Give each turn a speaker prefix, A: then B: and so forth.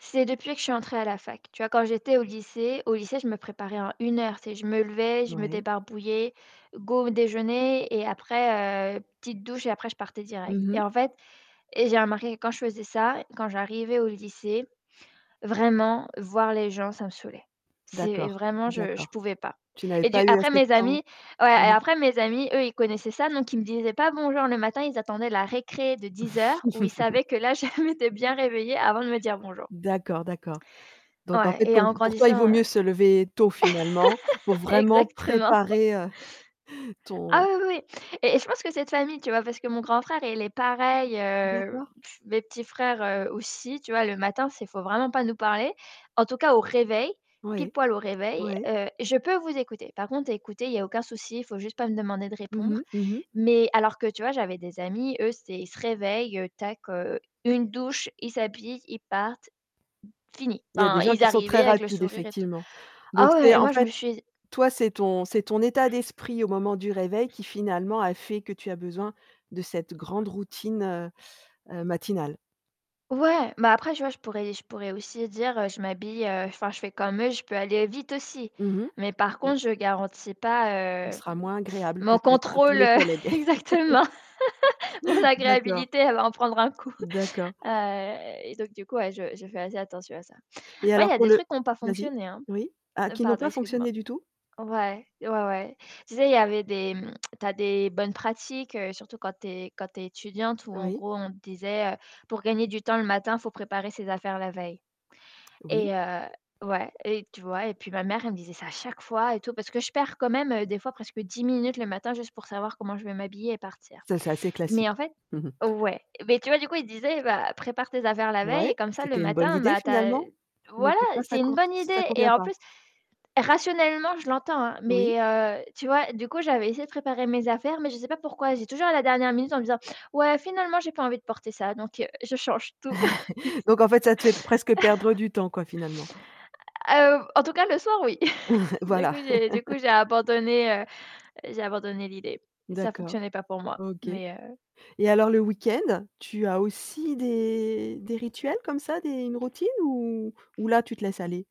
A: C'est depuis que je suis entrée à la fac. Tu vois? Quand j'étais au lycée au lycée, je me préparais en 1 heure. Tu sais, je me levais, je me
B: Ouais.
A: débarbouillais, go au déjeuner et après, heu, petite douche et après, je partais direct.
B: Mmh
A: Et
B: mh.
A: en fait, et j'ai remarqué que quand je faisais ça, quand j'arrivais au lycée, vraiment, voir les gens, ça me saoulait. C'est
B: D'accord
A: vraiment, je je
B: d'accord.
A: pouvais pas.
B: Tu avais
A: Et du
B: pas eu
A: après
B: assez de
A: mes
B: temps,
A: amis, ouais,
B: mmh
A: et
B: mh.
A: après mes amis, eux, ils connaissaient ça, donc ils me disaient pas bonjour le matin, ils attendaient la récré de 10:00 où ils savaient que là, je m'étais bien réveiller avant de me dire bonjour.
B: D'accord d'accord, donc en
A: Ouais,
B: fait
A: et
B: pour
A: en
B: pour toi il vaut
A: grandissant,
B: mieux se lever tôt finalement pour vraiment
A: exactement.
B: préparer, heu, ton
A: Ah oui, oui, oui, et je pense que cette famille, tu vois? Parce que mon grand frère, il est pareil, heu,
B: D'accord.
A: tss mes petits frères aussi, tu vois? Le matin, c'est il vraiment pas nous parler. En tout cas au réveil, pile
B: Ouais
A: poil au réveil,
B: ouais.
A: heu, je peux vous écouter. Par contre, écoutez, il y a aucun souci, il faut juste pas me demander de
B: Mmh
A: répondre.
B: mh, mmh mh.
A: Mais alors que tu vois? J'avais des amis, eux, c'était, ils se réveillent, tac, une douche, ils s'habillent, ils partent, fini.
B: Il y a des
A: Enfin,
B: gens
A: ils
B: qui sont
A: arrivaient
B: très
A: avec le
B: rapides,
A: sourire et tout.
B: effectivement, donc
A: Ah,
B: c'est
A: ouais, et
B: en
A: moi, je me
B: fait,
A: suis
B: toi, c'est ton c'est ton état d'esprit au moment du réveil, qui finalement a fait que tu as besoin de cette grande routine, heu, matinale.
A: Ouais, mais après, je vois, je pourrais je pourrais aussi dire, je m'habille, enfin, je fais comme eux, je peux aller vite aussi,
B: Mmh
A: mais par
B: mh.
A: contre, je garantis pas,
B: On
A: heu,
B: sera moins agréable,
A: mon
B: peut-être, à tous
A: contrôle
B: les collègues.
A: exactement. Mon
B: D'accord.
A: agréabilité, elle va en prendre un coup.
B: D'accord.
A: Heu, et donc du coup, je je fais assez attention à ça.
B: Et
A: Ouais, il y
B: alors,
A: a
B: pour
A: des
B: le
A: trucs qui ont pas
B: vas-y,
A: fonctionné, hein
B: oui, à qui ont
A: pardon
B: pas
A: excuse moi.
B: fonctionné du tout.
A: Ouais ouais ouais. Tu sais, il y avait des tu as des bonnes pratiques, surtout quand tu es quand tu es étudiante, où en
B: Oui.
A: gros, on te disait, heu, pour gagner du temps le matin, il faut préparer ses affaires la veille.
B: Oui.
A: Et heu, ouais, et tu vois? Et puis ma mère, elle me disait ça à chaque fois et tout, parce que je perds quand même des fois presque 10 minutes le matin juste pour savoir comment je vais m'habiller et partir.
B: Ça, c'est assez
A: Mais
B: classique,
A: en fait
B: mmh mh.
A: ouais. Mais tu vois? Du coup, disait, bah, prépare tes affaires la veille
B: Ouais,
A: et comme ça le
B: c'était une bonne
A: matin,
B: idée,
A: bah tu as
B: finalement, mais
A: voilà,
B: pour ça
A: c'est une bonne
B: ça
A: idée. Et
B: convient
A: en
B: pas.
A: plus, rationnellement, je l'entends,
B: Oui.
A: mais heu, tu vois? Du coup, j'avais essayé de préparer mes affaires, mais je sais pas pourquoi, j'ai toujours à la dernière minute en me disant: «Ouais, finalement, j'ai pas envie de porter ça,» donc je change tout.
B: Donc en fait ça te fait presque perdre du temps quoi finalement.
A: Ah, heu, en tout cas le soir oui. Du
B: Voilà.
A: coup, j'ai du coup j'ai abandonné j'ai abandonné l'idée. Ça
B: D'accord,
A: fonctionnait pas pour moi,
B: OK,
A: mais
B: et
A: heu
B: alors, le week-end, tu as aussi des des rituels comme ça, des une routine, ou ou là, tu te laisses aller?